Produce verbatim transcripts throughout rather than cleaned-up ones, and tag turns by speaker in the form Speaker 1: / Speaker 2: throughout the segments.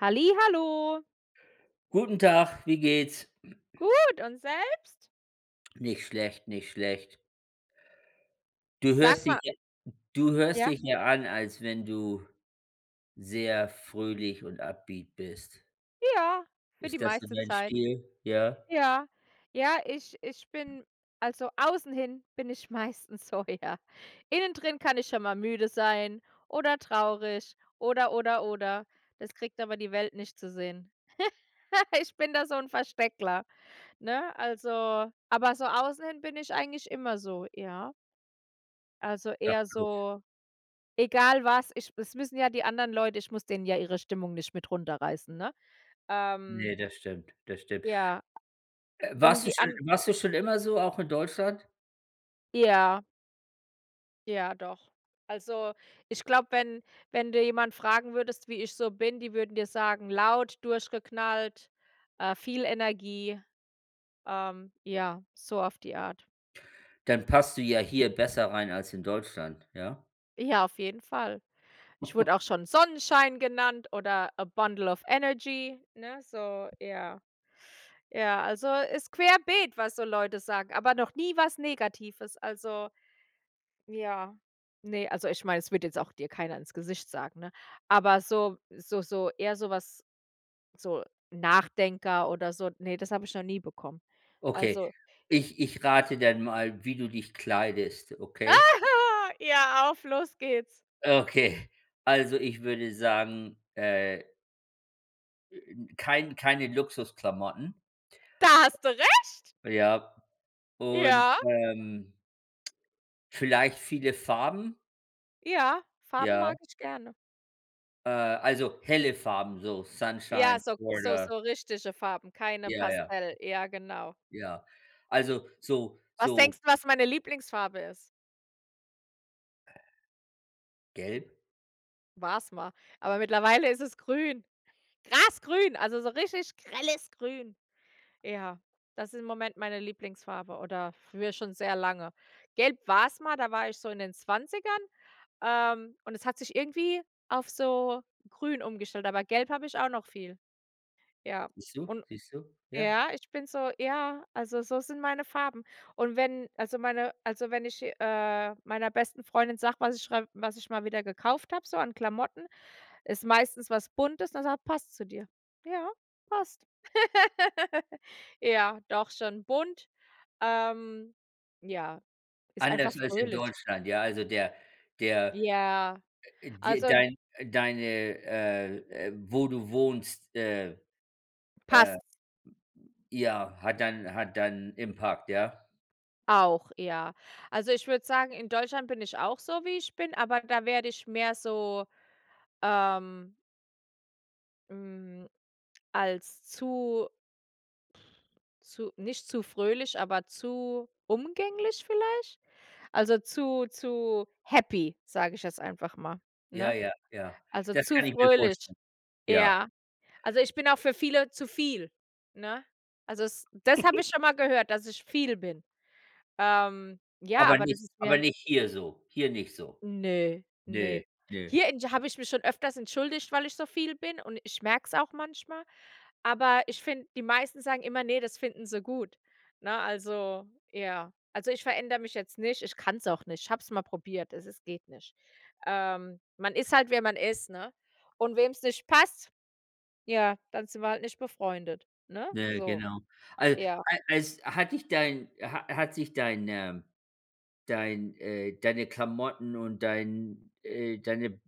Speaker 1: Halli, hallo.
Speaker 2: Guten Tag, wie geht's?
Speaker 1: Gut, und selbst?
Speaker 2: Nicht schlecht, nicht schlecht. Du
Speaker 1: Sag
Speaker 2: hörst dich
Speaker 1: mal
Speaker 2: ja du hörst
Speaker 1: Ja?
Speaker 2: dich ja an, als wenn du sehr fröhlich und upbeat bist.
Speaker 1: Ja, für die
Speaker 2: Ist das so
Speaker 1: meiste
Speaker 2: dein
Speaker 1: Zeit.
Speaker 2: Stil, ja?
Speaker 1: Ja, ja, ich ich bin also außen hin bin ich meistens so, ja. Innen drin kann ich schon mal müde sein oder traurig, oder oder oder. Das kriegt aber die Welt nicht zu sehen. Ich bin da so ‘n "Versteckler", ne, also aber so außen hin bin ich eigentlich immer so, ja. Also,
Speaker 2: Sag
Speaker 1: eher
Speaker 2: bloß.
Speaker 1: so egal was, ich das müssen ja die anderen Leute ich muss denen ja ihre Stimmung nicht mit runterreißen, ne? Ähm
Speaker 2: Ne, das stimmt, das stimmt.
Speaker 1: Ja.
Speaker 2: Äh,
Speaker 1: Und
Speaker 2: warst du
Speaker 1: die
Speaker 2: schon
Speaker 1: An
Speaker 2: warst du schon immer so, auch in Deutschland?
Speaker 1: Ja. Ja, doch. Also, ich glaube, wenn wenn du jemanden fragen würdest, wie ich so bin, die würden dir sagen: „Laut, durchgeknallt, äh, viel Energie“, ähm, ja, so auf die Art.
Speaker 2: Dann passt du ja hier besser rein als in Deutschland, ja?
Speaker 1: Ja, auf jeden Fall. Ich wurde auch schon Sonnenschein genannt oder a bundle of energy, ne? So, ja. Ja, also, ist querbeet, was so Leute sagen. Aber noch nie was negatives, also ja. Ne, also, ich meine, es wird jetzt auch dir keiner ins Gesicht sagen, ne? Aber so so so eher sowas so Nachdenker oder so. Ne, das habe ich noch nie bekommen.
Speaker 2: Okay.
Speaker 1: Also
Speaker 2: Ich ich rate dann mal, wie du dich kleidest, okay?
Speaker 1: Ah, ja, auf, los geht’s!
Speaker 2: Okay. Also, ich würde sagen, äh äh n kein keine Luxusklamotten.
Speaker 1: Da hast du recht!
Speaker 2: Ja. Und,
Speaker 1: Ja.
Speaker 2: ähm vielleicht viele Farben?
Speaker 1: Ja, Farben
Speaker 2: Ja.
Speaker 1: mag ich gerne.
Speaker 2: Äh, also, helle Farben, so
Speaker 1: Ja,
Speaker 2: Sunshine
Speaker 1: so so
Speaker 2: oder
Speaker 1: so richtige Farben, keine
Speaker 2: ja, ja.
Speaker 1: Pastell. Ja, genau.
Speaker 2: Ja. Also, so
Speaker 1: Was
Speaker 2: so
Speaker 1: denkst du, was meine Lieblingsfarbe ist?
Speaker 2: Gelb.
Speaker 1: War's mal. Aber mittlerweile ist es grün. Grasgrün, also so richtig grelles Grün. Ja, das ist im Moment meine Lieblingsfarbe, oder für schon sehr lange. Gelb war’s mal, da war ich so in den Zwanzigern, ähm, und es hat sich irgendwie auf so Grün umgestellt, aber Gelb habe ich auch noch viel. Ja.
Speaker 2: Siehst du?
Speaker 1: Und
Speaker 2: Siehst du? Ja.
Speaker 1: ja, ich bin so ja, also, so sind meine Farben. Und wenn also, meine also, wenn ich, äh, meiner besten Freundin sage, was ich schrei was ich mal wieder gekauft habe, so an Klamotten, ist meistens was Buntes, dann sagt: „Passt zu dir. Ja, passt.“ Ja, doch schon bunt, ähm, ja, ist einfach
Speaker 2: Anders als in
Speaker 1: fröhlich.
Speaker 2: Deutschland. Ja, also, der der
Speaker 1: Ja.
Speaker 2: äh, dir
Speaker 1: Also
Speaker 2: dein äh, deine äh, äh, wo du wohnst, äh, äh,
Speaker 1: Passt.
Speaker 2: ja, hat dann hat dann impact, ja.
Speaker 1: Auch, ja. Also ich würde sagen, in Deutschland bin ich auch so, wie ich bin, aber da werde ich mehr so, ähm Hm, als zu zu nicht zu fröhlich, aber zu umgänglich vielleicht? Also, zu zu happy, sage ich jetzt einfach mal,
Speaker 2: Ja,
Speaker 1: ne?
Speaker 2: ja, ja.
Speaker 1: Also,
Speaker 2: Das
Speaker 1: zu
Speaker 2: kann ich mir
Speaker 1: fröhlich,
Speaker 2: vorstellen. Ja.
Speaker 1: ja. Also, ich bin auch für viele zu viel, ne? Also, es das habe ich schon mal gehört, dass ich viel bin. Ähm, ja,
Speaker 2: Aber
Speaker 1: aber das
Speaker 2: nicht,
Speaker 1: ist
Speaker 2: aber
Speaker 1: mir
Speaker 2: nicht hier so, hier nicht so.
Speaker 1: Ne, ne.
Speaker 2: Ne, ne.
Speaker 1: Hier in g habe ich mich schon öfters entschuldigt, weil ich so viel bin und ich merk es auch manchmal, aber ich finde, die meisten sagen immer, „ne, das finden sie gut“. Ne, also ja. Also, ich verändere mich jetzt nicht, ich kann es auch nicht. Ich habe es mal probiert, also, es geht nicht. Ähm, man ist halt, wer man ist, ne? Und wem es nicht passt, ja, dann sind wir halt nicht befreundet, ne,
Speaker 2: Ja,
Speaker 1: so.
Speaker 2: genau. Al
Speaker 1: Ja.
Speaker 2: al als hat dich dein ha hat sich deine dein, äh deine Klamotten und dein, äh deine,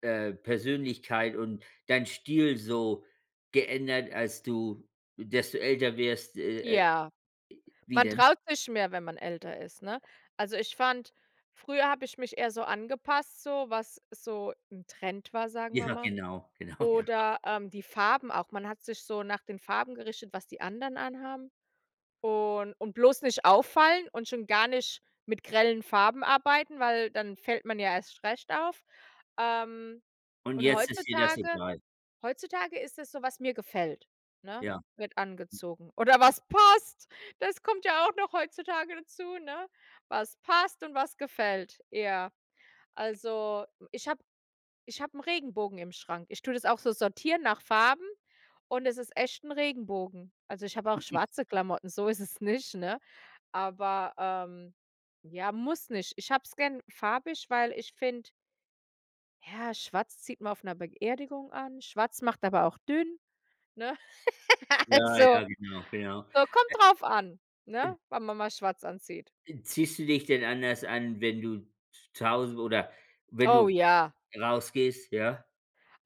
Speaker 2: äh, Persönlichkeit und dein Stil so geändert, als du desto älter wirst, äh, äh
Speaker 1: Ja.
Speaker 2: wie
Speaker 1: Man
Speaker 2: denn?
Speaker 1: traut sich mehr, wenn man älter ist, ne? Also, ich fand, früher habe ich mich eher so angepasst, so was so 'n Trend war, sagen wir
Speaker 2: Ja,
Speaker 1: mal.
Speaker 2: genau, genau, ja.
Speaker 1: Oder, ähm, die Farben auch. Man hat sich so nach den Farben gerichtet, was die anderen anhaben und und bloß nicht auffallen und schon gar nicht mit grellen Farben arbeiten, weil dann fällt man ja erst recht auf. Ähm.
Speaker 2: Und
Speaker 1: Und
Speaker 2: jetzt ist dir das
Speaker 1: heutzutage
Speaker 2: egal.
Speaker 1: heutzutage ist es so, was mir gefällt, ne?
Speaker 2: Ja.
Speaker 1: Wird angezogen. Oder was passt, das kommt ja auch noch heutzutage dazu, ne? Was passt und was gefällt, ja. Also, ich hab ich habe 'n Regenbogen im Schrank. Ich tue das auch so sortieren nach Farben und es ist echt 'n Regenbogen. Also, ich habe auch schwarze Klamotten, so ist es nicht, ne? Aber, ähm ja, muss nicht. Ich habe es gern farbig, weil ich finde Ja, schwarz zieht man auf 'ner Beerdigung an, schwarz macht aber auch dünn, ne?
Speaker 2: Ja,
Speaker 1: Also,
Speaker 2: ja, genau, ja.
Speaker 1: so kommt drauf an,
Speaker 2: [unintelligible]
Speaker 1: ne, wann man mal schwarz anzieht.
Speaker 2: N ziehst du dich denn anders an, wenn du z zuhaue oder wenn
Speaker 1: Oh,
Speaker 2: du
Speaker 1: ja.
Speaker 2: rausgehst, ja?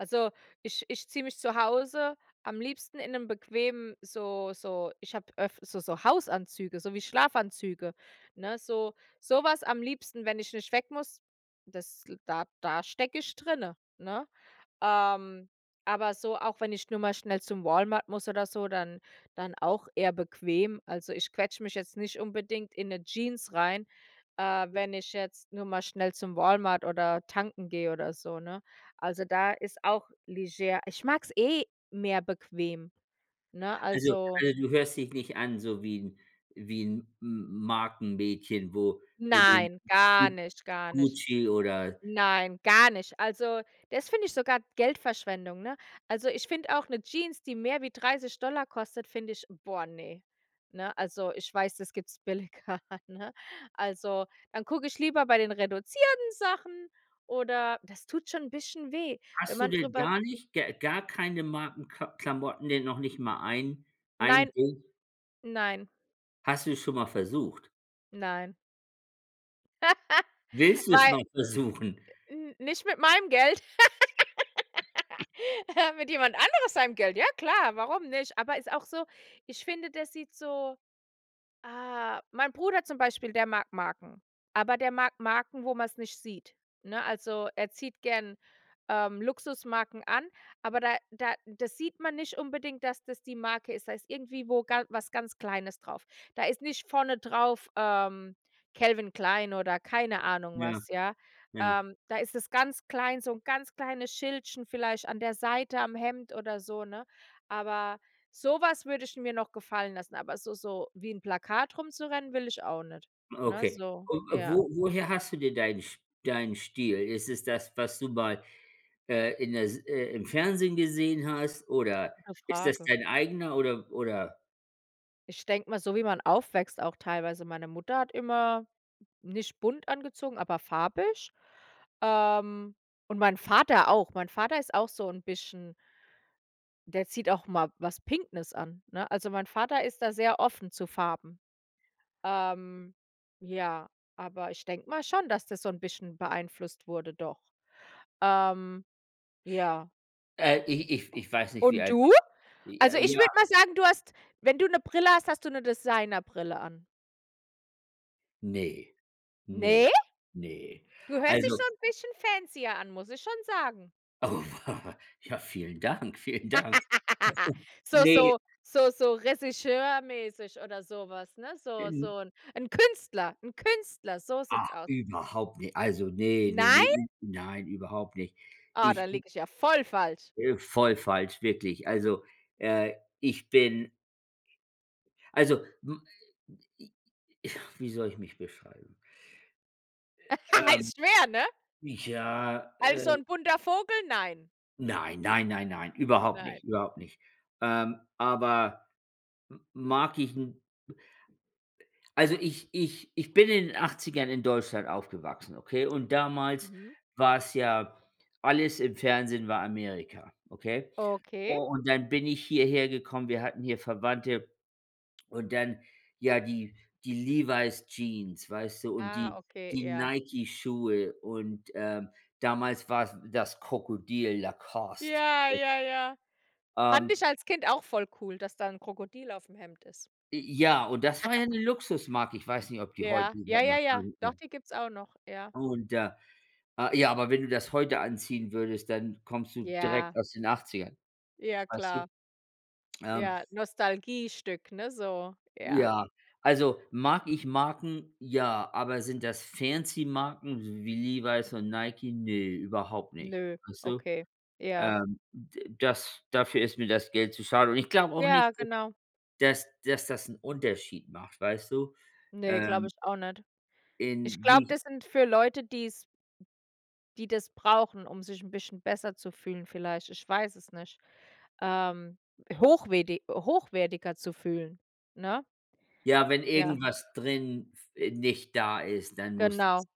Speaker 1: Also, ich ich ziehe mich zu Hause am liebsten in 'nem bequemen so so ich habe öft so so Hausanzüge, so wie Schlafanzüge, ne, so sowas am liebsten, wenn ich nicht weg muss, das da da stecke ich drinne, ne? Ähm, aber so, auch wenn ich nur mal schnell zum Walmart muss oder so, dann dann auch eher bequem. Also, ich quetsche mich jetzt nicht unbedingt in 'ne Jeans rein, äh, wenn ich jetzt nur mal schnell zum Walmart oder tanken gehe oder so, ne? Also, da ist auch leger ich mag es eh mehr bequem, ne,
Speaker 2: Also
Speaker 1: also.
Speaker 2: also, du hörst dich nicht an, so wie 'n wie 'n M M Markenmädchen, wo wo du G
Speaker 1: Nein, gar
Speaker 2: Gu
Speaker 1: nicht, gar nicht.
Speaker 2: Gucci oder
Speaker 1: Nein, gar nicht! Also, das finde ich sogar Geldverschwendung, ne? Also, ich finde auch 'ne Jeans, die mehr wie dreißig Dollar kostet, finde ich, boah, ne, ne? Also, ich weiß, das gibt es billiger, ne? Also, dann gucke ich lieber bei den reduzierten Sachen oder das tut schon ein bisschen weh, wenn
Speaker 2: Hast du
Speaker 1: man
Speaker 2: denn
Speaker 1: darüber
Speaker 2: gar nicht g gar keine Marken K Klamotten, die noch nicht mal ein ein
Speaker 1: Nein.
Speaker 2: Ding?
Speaker 1: Nein.
Speaker 2: Hast du es schon mal versucht?
Speaker 1: Nein.
Speaker 2: Willst du es
Speaker 1: Weil
Speaker 2: mal versuchen?
Speaker 1: n nicht mit meinem Geld. Mit jemand anderes seinem Geld, ja, klar, warum nicht. Aber ist auch so ich finde, der sieht so Ah, mein Bruder zum Beispiel, der mag Marken, aber der mag Marken, wo man es nicht sieht, ne? Also, er zieht gern, ähm, Luxusmarken an, aber da da das sieht man nicht unbedingt, dass das die Marke ist, da ist irgendwie wo was ganz Kleines drauf. Da ist nicht vorne drauf, ähm, “Calvin Klein“ oder keine Ahnung
Speaker 2: Ja.
Speaker 1: was, ja.
Speaker 2: Ja.
Speaker 1: Ähm, da ist es ganz klein, so 'n ganz kleines Schildchen vielleicht an der Seite am Hemd oder so, ne? Aber sowas würde ich mir noch gefallen lassen, aber so so wie 'n Plakat rumzurennen will ich auch nicht. Ne,
Speaker 2: Okay.
Speaker 1: so
Speaker 2: Und
Speaker 1: ja.
Speaker 2: wo woher hast du dir deinen Sch deinen Stil? Ist es das, was du mal, äh, in der S äh, im Fernsehen gesehen hast, oder
Speaker 1: Gute
Speaker 2: ist das
Speaker 1: Frage.
Speaker 2: dein eigener oder oder?
Speaker 1: Ich denke mal, so wie man aufwächst auch teilweise, meine Mutter hat immer nicht bunt angezogen, aber farbig. Ähm, und mein Vater auch. Mein Vater ist auch so 'n bisschen .Der zieht auch mal was pinknes an, ne? Also, mein Vater ist da sehr offen zu Farben. Ähm, ja, aber ich denke mal schon, dass das so 'n bisschen beeinflusst wurde, doch. Ähm ja.
Speaker 2: Äh, ich ich ich weiß nicht, wie
Speaker 1: Und
Speaker 2: alt
Speaker 1: du?
Speaker 2: du Ja
Speaker 1: Also, ich
Speaker 2: ja.
Speaker 1: würde mal sagen, du hast wenn du 'ne Brille hast, hast du 'ne Designer-Brille an.
Speaker 2: Ne, ne,
Speaker 1: Ne?
Speaker 2: ne.
Speaker 1: Du hörst dich
Speaker 2: Also
Speaker 1: so 'n bisschen fancier an, muss ich schon sagen.
Speaker 2: Oh, w ja, vielen Dank, vielen Dank.
Speaker 1: So
Speaker 2: Ne.
Speaker 1: so so so Regisseur-mäßig oder sowas, ne? So
Speaker 2: N
Speaker 1: so 'n Künstler 'n Künstler, so sieht
Speaker 2: Ah,
Speaker 1: es aus.
Speaker 2: überhaupt nicht. Also, ne, ne, ne,
Speaker 1: Nein?
Speaker 2: n nein, überhaupt nicht.
Speaker 1: Ah, da
Speaker 2: Ich m
Speaker 1: liege ich ja voll falsch.
Speaker 2: Äh, voll falsch, wirklich. Also, äh, ich bin also, m wie soll ich mich beschreiben? Ähm.
Speaker 1: Ist schwer, ne?
Speaker 2: Ja, äh.
Speaker 1: Also 'n bunter Vogel? Nein.
Speaker 2: Nein, nein, nein, nein. Überhaupt
Speaker 1: Nein.
Speaker 2: nicht, überhaupt nicht. Ähm, aber m mag ich 'n also, ich ich ich bin in den Achtzigern in Deutschland aufgewachsen, okay? Und damals
Speaker 1: Mhm.
Speaker 2: war es ja alles im Fernsehen war Amerika, okay? U
Speaker 1: Okay.
Speaker 2: und dann bin ich hierhergekommen, wir hatten hier Verwandte. Und dann ja die die „Levi's-Jeans“, weißt du und die
Speaker 1: Ah, okay,
Speaker 2: die
Speaker 1: ja.
Speaker 2: „Nike-Schuhe“ und, ähm, damals war es das Krokodil „Lacoste“.
Speaker 1: Ja, ja, ja. Fand
Speaker 2: Ähm
Speaker 1: ich als Kind auch voll cool, dass da 'n Krokodil auf'm Hemd ist.
Speaker 2: J ja, und das war ja 'ne Luxusmarke. Ich weiß nicht, ob die heute
Speaker 1: Ja, ja,
Speaker 2: überhaupt noch
Speaker 1: ja, ja. Doch,
Speaker 2: [unintelligible]
Speaker 1: die gibt's auch noch, ja.
Speaker 2: Und da äh ja, aber wenn du das heute anziehen würdest, dann kommst du direkt
Speaker 1: Ja.
Speaker 2: aus den achtzigern,
Speaker 1: Ja,
Speaker 2: weißt du?
Speaker 1: klar.
Speaker 2: Ähm
Speaker 1: Ja, Nostalgiestück, ne so, ja.
Speaker 2: Ja, also, mag ich Marken? Ja, aber sind das Fancy-Marken wie Levi's und Nike? Ne, überhaupt nicht.
Speaker 1: Nö,
Speaker 2: Weißt du?
Speaker 1: okay. Ja.
Speaker 2: Ähm, d das dafür ist mir das Geld zu schade. Und ich glaube auch nicht,
Speaker 1: Ja,
Speaker 2: äh,
Speaker 1: genau.
Speaker 2: dass dass das 'n Unterschied macht, weißt du,
Speaker 1: Ne, glaube
Speaker 2: ähm
Speaker 1: ich auch nicht. Ich
Speaker 2: in
Speaker 1: glaube,
Speaker 2: wie
Speaker 1: das sind für Leute, die es die das brauchen, um sich 'n bisschen besser zu fühlen vielleicht, ich weiß es nicht. Ähm, hochwerti hochwertiger zu fühlen, ne?
Speaker 2: Ja, wenn
Speaker 1: Ja.
Speaker 2: irgendwas drin f äh, nicht da ist, dann muss das
Speaker 1: Genau.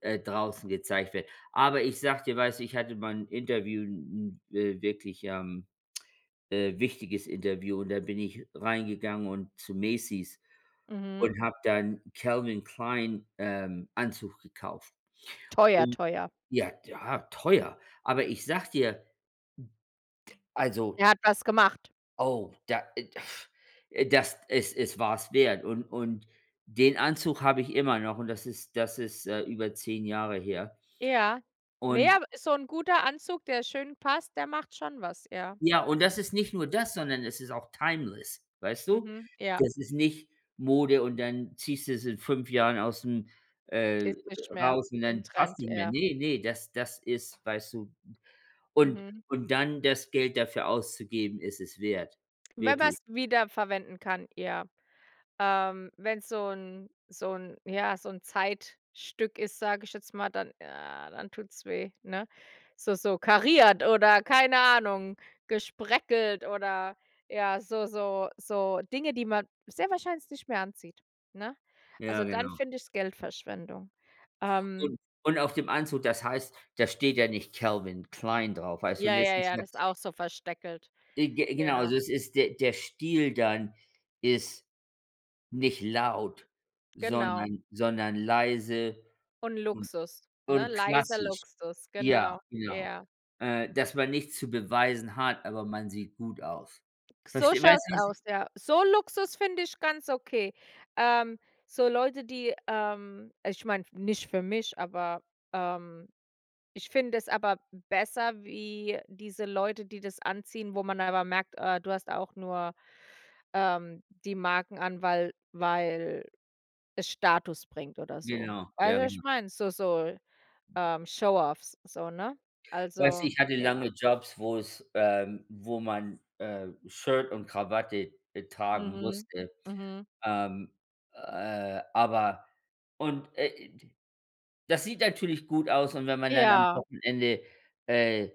Speaker 2: äh, draußen gezeigt wird. Aber ich sage dir, weißt du, ich hatte mal 'n Interview 'n 'n, wirklich, ähm, äh, wichtiges Interview. Und da bin ich reingegangen und zu Macy's
Speaker 1: Mhm.r
Speaker 2: und habe dann Calvin Klein, ähm, Anzug gekauft.
Speaker 1: Teuer,
Speaker 2: Und
Speaker 1: teuer.
Speaker 2: ja, ja, teuer. Aber ich sage dir also
Speaker 1: Er hat was gemacht.
Speaker 2: Oh, da äh, f das es es war es wert und und den Anzug habe ich immer noch, und das ist das ist, äh, über zehn Jahre her.
Speaker 1: Ja. Ne,
Speaker 2: Und
Speaker 1: aber so 'n guter Anzug, der schön passt, der macht schon was, ja.
Speaker 2: Ja, und das ist nicht nur das, sondern es ist auch timeless, weißt du?
Speaker 1: Mhm. Ja.
Speaker 2: Das ist nicht Mode und dann ziehst du es in fünf Jahren ausm äh,
Speaker 1: Ist nicht mehr,
Speaker 2: raus und
Speaker 1: im
Speaker 2: dann passt
Speaker 1: Trend,
Speaker 2: nicht mehr.
Speaker 1: ja.
Speaker 2: Ne, ne, das das ist, weißt du und
Speaker 1: Mhm.
Speaker 2: und dann das Geld dafür auszugeben, ist es wert.
Speaker 1: Wenn man
Speaker 2: Wirklich.
Speaker 1: es wieder verwenden kann, ja. Ähm, wenn es so 'n so 'n ja so 'n Zeitstück ist, sage ich jetzt mal, dann, ja, dann tut's weh, ne? So so kariert oder keine Ahnung, gespreckelt oder ja, so so so Dinge, die man sehr wahrscheinlich nicht mehr anzieht, ne?
Speaker 2: Ja,
Speaker 1: Also, dann
Speaker 2: genau.
Speaker 1: finde ich es Geldverschwendung. Ähm
Speaker 2: Und und auf dem Anzug, das heißt da steht ja nicht Calvin Klein drauf, weißt du?
Speaker 1: Ja, ja, ja, das ist
Speaker 2: [unintelligible]
Speaker 1: auch so versteckelt.
Speaker 2: E ge genau,
Speaker 1: Ja.
Speaker 2: also, es ist der der Stil dann ist nicht laut,
Speaker 1: Genau.
Speaker 2: sondern sondern leise
Speaker 1: Und
Speaker 2: und
Speaker 1: Luxus, ne?
Speaker 2: und
Speaker 1: Leiser
Speaker 2: klassisch.
Speaker 1: Luxus,
Speaker 2: Ja,
Speaker 1: genau,
Speaker 2: genau.
Speaker 1: ja.
Speaker 2: Äh, dass man nichts zu beweisen hat, aber man sieht gut aus.
Speaker 1: K so
Speaker 2: Versteh
Speaker 1: schaut
Speaker 2: weißt
Speaker 1: es
Speaker 2: du, was ich
Speaker 1: aus, ja. So Luxus finde ich ganz okay. Ähm, so Leute, die ähm, ich meine, nicht für mich, aber ähm, ich finde es aber besser wie diese Leute, die das anziehen, wo man aber merkt, äh, du hast auch nur, ähm, die Marken an, weil weil es Status bringt oder so.
Speaker 2: Genau,
Speaker 1: Weißt
Speaker 2: ja,
Speaker 1: du, was
Speaker 2: genau.
Speaker 1: ich meine? So so, ähm, Showoffs, so, ne?
Speaker 2: Weißt du,
Speaker 1: Also,
Speaker 2: ich hatte
Speaker 1: ja.
Speaker 2: lange Jobs, wo es ähm, wo man, äh, Shirt und Krawatte e tragen
Speaker 1: Mhm.
Speaker 2: musste.
Speaker 1: Mhm.
Speaker 2: Ähm, äh, aber und, äh, i die das sieht natürlich gut aus, und wenn man dann am
Speaker 1: Ja.
Speaker 2: Wochenende, äh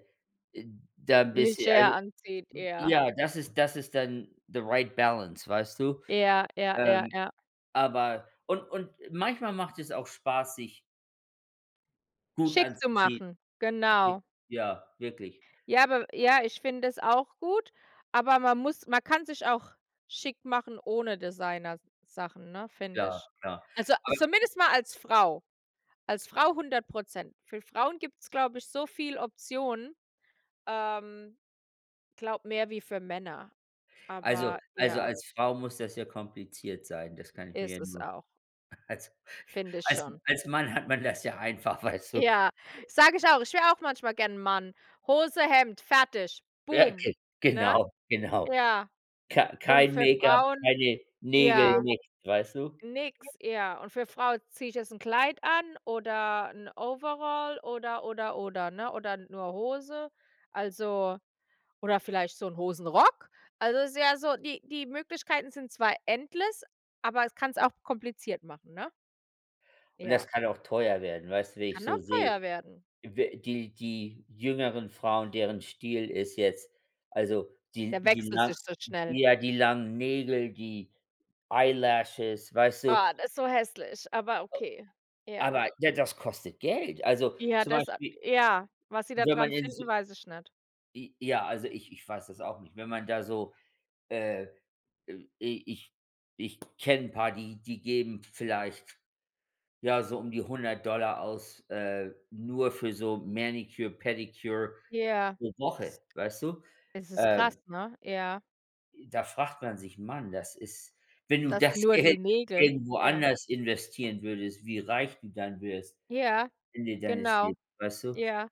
Speaker 2: äh, da 'n bisschen also,
Speaker 1: Leger anzieht,
Speaker 2: m
Speaker 1: eher.
Speaker 2: ja, das ist das ist dann the right balance, weißt du?
Speaker 1: Ja, ja, ja,
Speaker 2: Ähm,
Speaker 1: ja.
Speaker 2: aber und und manchmal macht es auch spaß, sich Gut
Speaker 1: Schick zu
Speaker 2: anzuziehen.
Speaker 1: machen,
Speaker 2: Okay,
Speaker 1: genau.
Speaker 2: ja, wirklich.
Speaker 1: Ja, aber ja, ich finde das auch gut, aber man muss man kann sich auch schick machen ohne Designersachen, ne, finde
Speaker 2: Ja
Speaker 1: ich.
Speaker 2: klar,
Speaker 1: Also, a
Speaker 2: aber
Speaker 1: zumindest mal als Frau, als Frau hundert Prozent. Für Frauen gibt's glaube ich so viele Optionen, ähm, ich glaube mehr wie für Männer,
Speaker 2: Also
Speaker 1: aber
Speaker 2: also,
Speaker 1: ja.
Speaker 2: als Frau muss das ja kompliziert sein, das kann ich mir ja
Speaker 1: Ist es
Speaker 2: nur
Speaker 1: auch.
Speaker 2: als
Speaker 1: Finde ich
Speaker 2: als
Speaker 1: schon.
Speaker 2: als Mann hat man das ja einfach, weißt du.
Speaker 1: Ja, sage ich auch, ich wäre auch manchmal gern 'n Mann. Hose, Hemd, fertig, boom,
Speaker 2: Fertig. Ge
Speaker 1: ne?
Speaker 2: genau, genau.
Speaker 1: Ja.
Speaker 2: K
Speaker 1: Und
Speaker 2: kein
Speaker 1: für
Speaker 2: Make-up,
Speaker 1: Frauen
Speaker 2: keine Nägel,
Speaker 1: ja.
Speaker 2: nix, weißt du.
Speaker 1: Nix, ja. Und für 'ne Frau: „Ziehe ich jetzt 'n Kleid an oder 'n Overall?“ Oder, oder, oder, ne, oder nur Hose? Also, oder vielleicht so 'n Hosenrock? Also, es ist ja so die die Möglichkeiten sind zwar endless, aber es kann es auch kompliziert machen, ne?
Speaker 2: Und
Speaker 1: Ja.
Speaker 2: das kann auch teuer werden. Weißt du, wie ich
Speaker 1: Kann
Speaker 2: so
Speaker 1: auch teuer
Speaker 2: sehe,
Speaker 1: werden.
Speaker 2: wä die die jüngeren Frauen, deren Stil ist jetzt also, die
Speaker 1: Der
Speaker 2: die
Speaker 1: wechselt
Speaker 2: nach
Speaker 1: sich so schnell.
Speaker 2: ja ,die langen Nägel, die eyelashes, weißt du.
Speaker 1: Ah, das ist so hässlich, aber okay. Ja.
Speaker 2: Aber ja, das kostet Geld. Also,
Speaker 1: Ja,
Speaker 2: zum
Speaker 1: das a
Speaker 2: Beispiel
Speaker 1: ja, was sie da
Speaker 2: wenn man
Speaker 1: dran
Speaker 2: im Su
Speaker 1: finden, weiß ich nicht.
Speaker 2: J ja, also, ich ich weiß das auch nicht. Wenn man da so, äh, äh, i ich ich kenne 'n paar, die die geben vielleicht ja, so um die hundert Dollar aus, äh, nur für so manicure, pedicure
Speaker 1: Ja.
Speaker 2: pro Woche, weißt du?
Speaker 1: Das ist krass,
Speaker 2: Äh
Speaker 1: ne? Ja.
Speaker 2: i da fragt man sich: „Man, das ist.“ Wenn du
Speaker 1: Das
Speaker 2: das
Speaker 1: nur
Speaker 2: Geld
Speaker 1: die Nägel,
Speaker 2: irgendwo
Speaker 1: ja.
Speaker 2: anders investieren würdest, wie reich du dann wirst
Speaker 1: Ja,
Speaker 2: Ende deines
Speaker 1: genau.
Speaker 2: Leben, weißt du,
Speaker 1: Ja.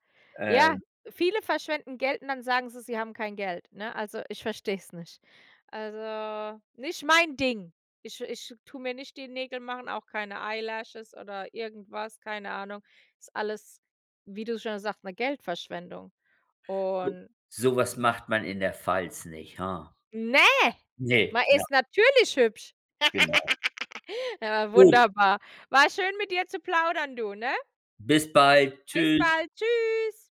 Speaker 1: Ja,
Speaker 2: ähm
Speaker 1: viele verschwenden Geld und dann sagen sie, sie haben kein Geld, ne? Also, ich verstehe es nicht. Also, nicht mein Ding. Ich ich tue mir nicht die Nägel machen, auch keine eyelashes oder irgendwas, keine Ahnung. Ist alles, wie du schon sagst, 'ne Geldverschwendung.
Speaker 2: So
Speaker 1: Und
Speaker 2: sowas macht man in der Pfalz nicht, ha?
Speaker 1: Ne,
Speaker 2: Ne,
Speaker 1: man
Speaker 2: genau.
Speaker 1: ist natürlich hübsch.
Speaker 2: Genau.
Speaker 1: Ja,
Speaker 2: Gut.
Speaker 1: wunderbar. War schön mit dir zu plaudern, du, ne?
Speaker 2: Bis bald.
Speaker 1: Bis
Speaker 2: Tschüss.
Speaker 1: bald. Tschüss.